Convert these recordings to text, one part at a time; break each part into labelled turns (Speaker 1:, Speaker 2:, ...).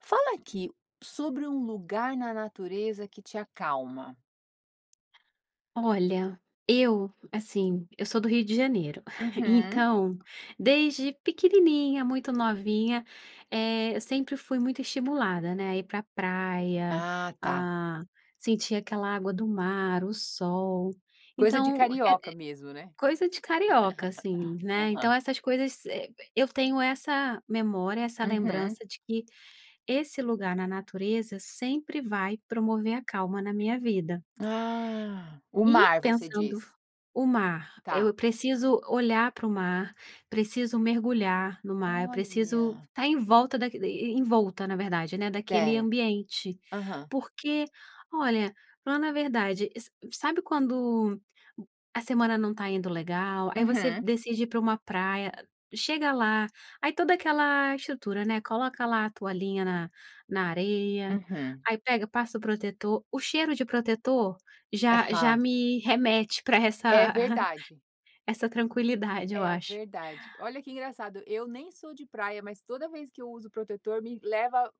Speaker 1: Fala aqui sobre um lugar na natureza que te acalma.
Speaker 2: Olha, eu assim, eu sou do Rio de Janeiro,
Speaker 1: Uhum.
Speaker 2: então desde pequenininha, muito novinha, eh, eu sempre fui muito estimulada, né, a ir pra praia,
Speaker 1: Ah, tá.
Speaker 2: a sentir aquela água do mar, o sol,
Speaker 1: Coisa de
Speaker 2: então, é
Speaker 1: carioca mesmo, né?
Speaker 2: é coisa de carioca, assim, né. Então,
Speaker 1: Aham.
Speaker 2: essas coisas servem eu tenho essa memória, essa
Speaker 1: Uhum.
Speaker 2: lembrança de que esse lugar na natureza sempre vai promover a calma na minha vida.
Speaker 1: Ah! O
Speaker 2: E
Speaker 1: mar você
Speaker 2: pensando f
Speaker 1: diz?
Speaker 2: o mar
Speaker 1: Tá.
Speaker 2: eu preciso olhar pro mar preciso mergulhar no mar, eu preciso
Speaker 1: Olha!
Speaker 2: estar em volta da envolta na verdade né daquele
Speaker 1: Certo.
Speaker 2: ambiente.
Speaker 1: Aham.
Speaker 2: Porque olha, falando a verdade sa sabe quando a semana não está indo legal, aí você
Speaker 1: Uhum.
Speaker 2: decide ir pra uma praia, chega lá aí toda aquela estrutura, né, coloca lá a toalhinha na na areia
Speaker 1: Uhum.
Speaker 2: aí pega passa o protetor o cheiro de protetor já já
Speaker 1: Aham.
Speaker 2: me remete pra
Speaker 1: É
Speaker 2: essa
Speaker 1: verdade.
Speaker 2: essa tranquilidade eu
Speaker 1: É
Speaker 2: acho.
Speaker 1: verdade. Olha que engraçado, eu nem sou de praia, mas toda vez que eu uso protetor me leva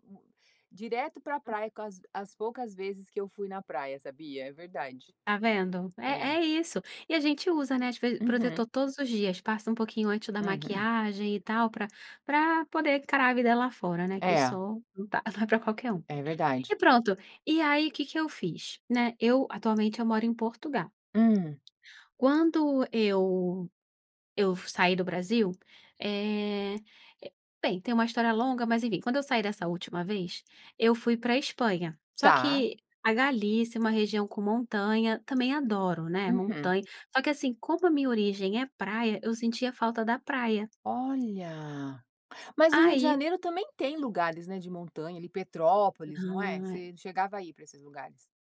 Speaker 1: direto pra
Speaker 2: Hã.
Speaker 1: praia, com as as poucas vezes que eu fui na praia, sabia, é verdade.
Speaker 2: Tá vendo? É
Speaker 1: É.
Speaker 2: é isso. E a gente usa, né, as ve
Speaker 1: Uhum.
Speaker 2: protetor todos os dias, passa um pouquinho antes da
Speaker 1: Uhum.
Speaker 2: maquiagem e tal pra pra poder encarar a vida lá fora, né, que o
Speaker 1: É.
Speaker 2: sol não tá não é pra qualquer um.
Speaker 1: É
Speaker 2: E
Speaker 1: verdade.
Speaker 2: pronto, e aí, que que eu fiz? Né. Eu, atualmente eu moro em Portugal.
Speaker 1: Hum.
Speaker 2: Quando eu eu f saí do Brasil, eh, bem, tem uma história longa, mas enfim, quando eu saí dessa última vez eu fui pra Espanha, só
Speaker 1: Tá.
Speaker 2: que a Galícia é uma região com montanha também adoro, né,
Speaker 1: Uhum.
Speaker 2: montanha. Só que, assim, como a minha origem é praia, eu sentia falta da praia.
Speaker 1: Olha! Mas no Rio de
Speaker 2: Aí
Speaker 1: Janeiro também tem lugares, né, de montanha ali, Petrópolis não é?
Speaker 2: Ah, é.
Speaker 1: Você chegava a ir pra esses lugares?